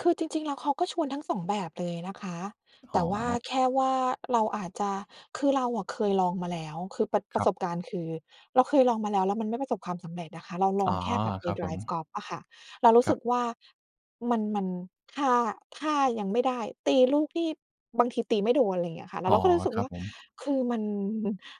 คือจริง ๆ แล้ว เขาก็ชวนทั้ง 2 แบบเลยนะคะ อแ๋ต่ว่าอ แค่ว่าเราอาจจะ คือเราอะเคยลองมาแล้ว คือประ ปครรัะบ สบการณ์คือเราเคยลองมาแล้ว แล้วมันไม่ประสบความสำเร็จอะค่ะ เราลอ๋ออ งแค่แบบไปครับไดผร์ฟม กอล์ฟอะค่ะ เรารู้ครสัึบ กว่ามัน มัน ท่า ท่ายังไม่ได้ ตีลูกที่ บางทีตีไม่โดน อะไรอย่างเงี้ยอะค่ะ เรอา ๋อ เราก็เลยรู้สึคกรัวบ่า ผม คือมัน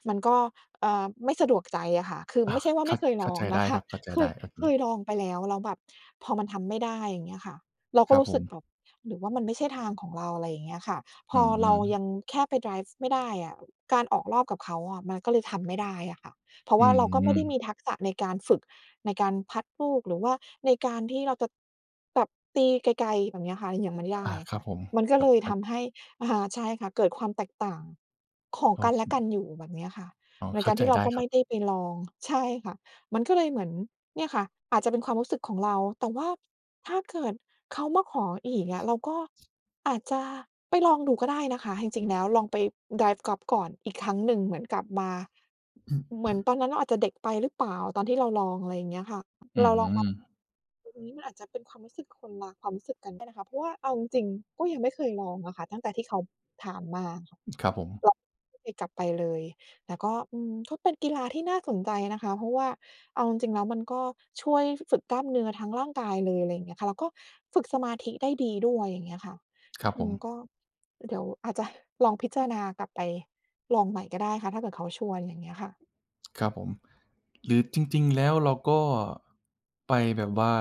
มันก็ เอ่อ ไม่สะดวกใจอะค่ะ คืออไา ม่ใช่ว่าคไมั่ด เคยเขล้าอใงจไนดะ้คคะ รับ เข้าใจเคไดย ้ครับ เคงีย้ ลองไปแล้ว แล้วแบบ พอมันทำไม่ได้ อย่างเงี้ยค่ะ เราคก็รับรู้ผสึกม แบบ "หรือว่ามันไม่ใช่ทางของเรา?" อะไรอย่างเงี้ยค่ะ อพือเราม ยังแค่ไปไดร์ฟไม่ได้อะ การออกรอบกับเขาอะมันก็เลยทำไม่ได้อะค่ะ เพราะอืว่าเราก็ไม่ไม ด้มีทักษะในการฝึก ในการพัตลูก หรือว่าในการที่เราจะตบ ตีไกล ๆ แบบนี้อะค่ะยังไม่ไดอ้า อคะรคั่บะ ผม มันก็ครเลยทับ ๆ ำให้ อ่า ใช่ค่ะ เกิดความแตกต่างของโอกันเและค กันอยู่ แบบเนี้ยค่ะ อ๋อ ในเข้กาารใจที่เรไาด้ก็ครไัม่ไบ ด้ไปลอง ใช่ค่ะ มันก็เลยเหมือน เนี่ยค่ะ อาจจะเป็นความรู้สึกของเรา แต่ว่า ถ้าเกิดเขามาขออีกอะ เราก็อาจจะไปลองดูก็ได้นะคะ จริง ๆ แล้วลองไปไดร์ฟกอล์ฟก่อนอีกครั้งหนึ่ง เหมือนกลับมา เหมือนตอนนั้นเราอาจจะเด็กไปหรือเปล่า ตอนที่เราลอง อะไรอย่างเงี้ยค่ะ อืเราลองมา ม ตรงนี้ มันอาจจะเป็นความรู้สึกคนรัก ความรู้สึกกันได้นะคะ เพราะว่าเอาจริง ๆ ก็ยังไม่เคยลองอะค่ะตั้งแต่ที่เขาถามมาค่ะ ครับผม ไม่เคยกลับไปเลย แล้วก็ อืม ก็เป็นกีฬาที่น่าสนใจนะคะ เพราะว่าเอาจริง ๆ แล้ว มันก็ช่วย ฝ ฝึกกล้ามเนื้อทั้งร่างกายเลย อะไรอย่างเงี้ยค่ะ แล้วก็ฝึกสมาธิได้ดีด้วย อย่างเงี้ยค่ะ ครับฮ อผืม ม ก็เดี๋ยวอาจจะลองพิจารณากลับไปลองใหม่ก็ได้ค่ะ ถ้าเกิดเขาชวน อย่างเงี้ยค่ะ ครับผม หรือจริง ๆ แล้ว เราก็ ไปแบบว่า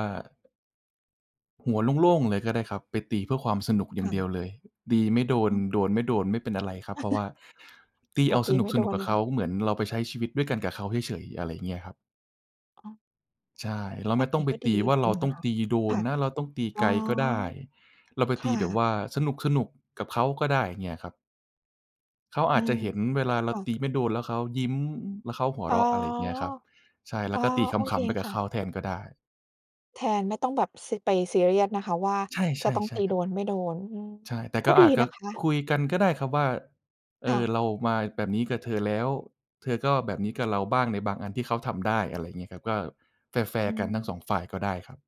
หัวโล่ง ๆ เลยก็ได้ครับ ไปตีเพื่อความสนุกอย่คา่งเดียวะ เลย ตีไม่โดน อือ โดนไม่โดน ไม่ เป็นอะไรครับ เพราะว่าตีพเออาตสีนไม่โดุก ๆ นกับนเขะ า เหมือนเราไปใช้ชีวิตด้วยกันกับเขาเฉย ๆ อะไรอย่างเงี้ยครับ อ๋อ ใช่ เราแบไม่บต้นองี้ไปก็ดตีีจว่า เรริาง ๆ ตน้อะงคะ ตีโดคน่ะ นะ เราต้องตีอ๋ไอ กลก็ได้ เราไปคต่ีแบบะ ว่าสนุก ๆ กับเขาก็ได้ อย่างเงี้ยครับ เขาออืาจจะม เห็นเวลาเรคา่ะ ตีไม่โดน แล้วเขายิ้ม แล้วเขาหัวอ๋เรอ าะ อะไรอย่างเงี้ยครับ ใช่ แล้อ๋วอ ก็ตีขโอเคำ ๆ ไปกัคบ่เขะ าแทนก็ได้ แทน ไม่ต้องแบบ ซ ไปซีเรียสนะคะ ว่าใช่ จะต้อๆ งใช่ตีคโรัดบ นไม่โดน อืม ใช่ แต่กก็็ดีอาจจะนะคะ คุยกันก็ได้ครับว่า "เอค่่อ ะ เรามาแบบนี้กับเธอแล้ว เธอก็แบบนี้กับเราบ้าง" ในบางอันที่เขาทำได้ อะไรอย่างเงี้ยครับ ก็แฟอรื์ ๆ กันทั้ง สม อง ฝ่ายก็ได้ครับ